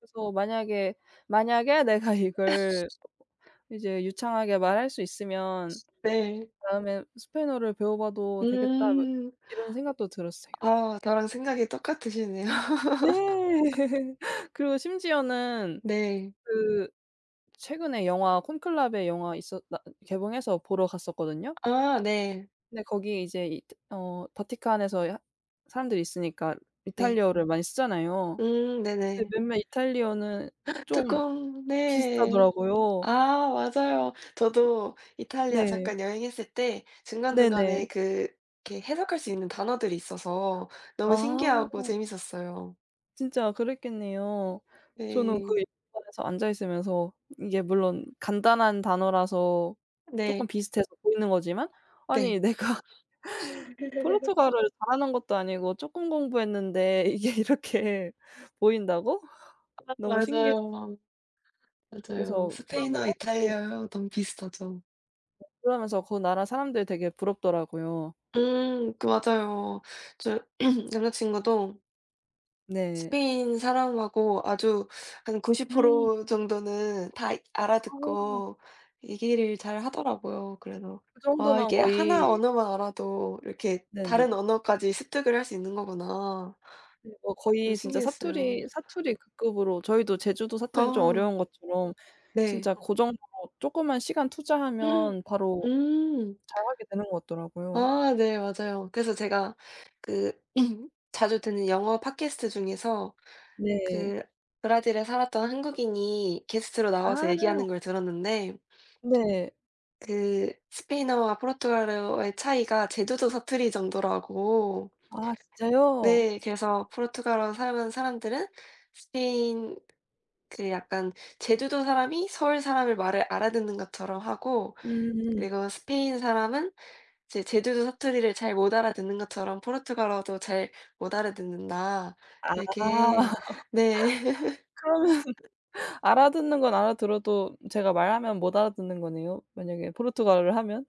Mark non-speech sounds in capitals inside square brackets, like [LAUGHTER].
그래서 '만약에 만약에 내가 이걸 [COUGHS] 이제 유창하게 말할 수 있으면 네. 다음에 스페인어를 배워봐도 되겠다.' 뭐 음. 이런 생각도 들었어요. 아. 나랑 생각이 똑같으시네요. 네. [LAUGHS] [LAUGHS] 그리고 심지어는 네. 그 최근에 영화 콘클라베 영화 있었다 개봉해서 보러 갔었거든요. 아 네. 근데 거기 이제 이 어 바티칸에서 야 사람들이 있으니까 네. 이탈리아어 를 많이 쓰잖아요. 음 근데 네네. 몇몇 이탈리아어 는 [GASPS] 좀 바티칸. 네. 비슷하더라고요. 아 맞아요. 저도 이탈리아 네. 잠깐 여행했을 때 네 네. 중간중간에 그 이렇게 해석할 수 있는 단어들이 있어서 너무 아. 신기하고 재미있었어요. 진짜 그랬겠네요. 저는 그 네. 영화관에서 앉아 있으면서 이게 물론 간단한 단어라서 쪼끔 네. 비슷해서 보이는 거지만 '아니 네. 내가 [LAUGHS] 포르투갈어를 잘하는 것도 아니고 쪼끔 공부했는데 이게 이렇게 보인다고?' 아. 너무 신기했어요. 맞아요. 맞아요. 그래서. 스페인어, [UNINTELLIGIBLE] 이탈리아어 너무 비슷하죠. 어 그러면서 그 나라 사람들이 되게 부럽더라고요. 음. 그 맞아요 저 [CLEARS THROAT] 남자친구도 네. 스페인 사람하고 아주 한 구십 음. 프로 정도는 다 이 아하. 알아듣고 얘기를 잘 하더라고요. 그래서 그 아 정도면 이게 하나 거의 언어만 알아도 이렇게 다른 네네. 언어까지 습득을 할 수 있는 거구나. 네. 어 거의 그래서 진짜 신기했어요. 사투리 사투리 그 급으로 저희도 제주도 사투리는 좀 아. 어려운 것처럼 네. 진짜 고 정도로 쪼끔만 시간 음 투자하면 바로 음. 잘하게 되는 것 같더라고요. 아 네. 맞아요. 그래서 제가 그 [CLEARS THROAT] 자주 듣는 영어 팟캐스트 중에서 네. 그 브라질에 살았던 한국인이 게스트로 나와서 아. 얘기하는 걸 들었는데 네. 그 스페인어와 포르투갈어의 차이가 제주도 사투리 정도라고. 아 진짜요? 네. 그래서 '포르투갈어 사용하는 사람들은 스페인 그 약간 제주도 사람이 서울 사람의 말을 알아듣는 것처럼 하고 음음. 그리고 스페인 사람은 이제 제주도 사투리를 잘 못 알아듣는 것처럼 포르투갈어도 잘 못 알아듣는다.' 아. 이렇게 네. 그러면 [LAUGHS] 알아듣는 건 알아들어도 제가 말하면 못 알아듣는 거네요, 만약에 포르투갈어를 하면?